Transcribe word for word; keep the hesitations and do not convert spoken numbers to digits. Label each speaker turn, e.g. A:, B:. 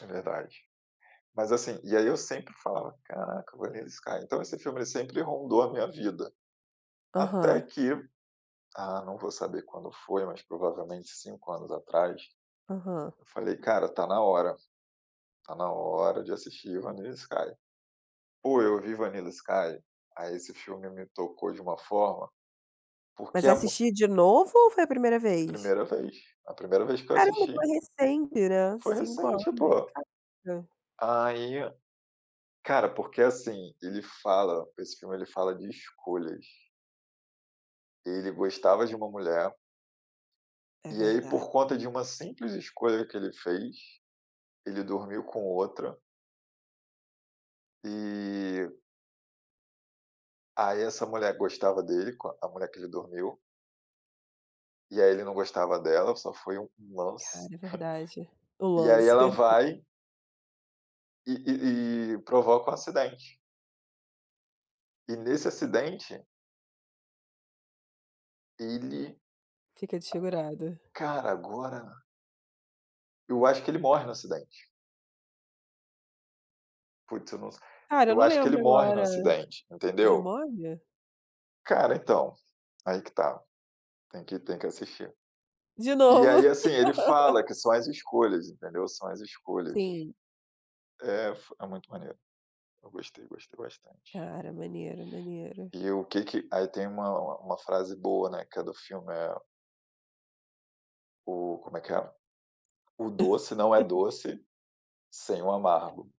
A: É verdade. Mas assim, e aí eu sempre falava, caraca Vanilla Sky, então esse filme ele sempre rondou a minha vida. Até
B: Aham.
A: que, ah, não vou saber quando foi, mas provavelmente cinco anos atrás,
B: Aham.
A: eu falei: "Cara, tá na hora. Está na hora de assistir Vanilla Sky". Pô, eu vi Vanilla Sky, aí esse filme me tocou de uma forma,
B: Mas
A: porque a mu
B: assistir de novo, ou foi a primeira vez?
A: primeira vez, a primeira vez que eu
B: Caramba, foi
A: assisti.
B: recente né,
A: Foi
B: cinco
A: recente
B: anos,
A: pô.
B: caramba.
A: Aí, cara, porque assim, ele fala esse filme ele fala de escolhas. Ele gostava de uma mulher
B: É
A: e aí
B: verdade.
A: por conta de uma simples escolha que ele fez, ele dormiu com outra e aí essa mulher gostava dele co a mulher que ele dormiu e aí ele não gostava dela, só foi um lance.
B: Cara é verdade, o
A: E aí
B: lance.
A: ela vai e e e provoca um acidente. E nesse acidente ele,
B: Fica desfigurado.
A: cara, agora eu acho que ele morre no acidente. Putz eu não s
B: Cara,
A: eu
B: não
A: acho que ele
B: lembro
A: morre no
B: agora.
A: acidente,
B: Ele
A: entendeu?
B: morre?
A: Cara então, aí que está. Tem que tem que assistir.
B: De
A: E
B: novo.
A: aí assim, ele fala que são as escolhas entendeu, são as escolhas.
B: Sim.
A: Eh, f é muito maneiro. Eu gostei gostei bastante.
B: Cara, maneiro, maneiro.
A: E o que que aí tem uma uma frase boa, né, que é do filme, eh o como é que é? O doce não é doce, sem o amargo.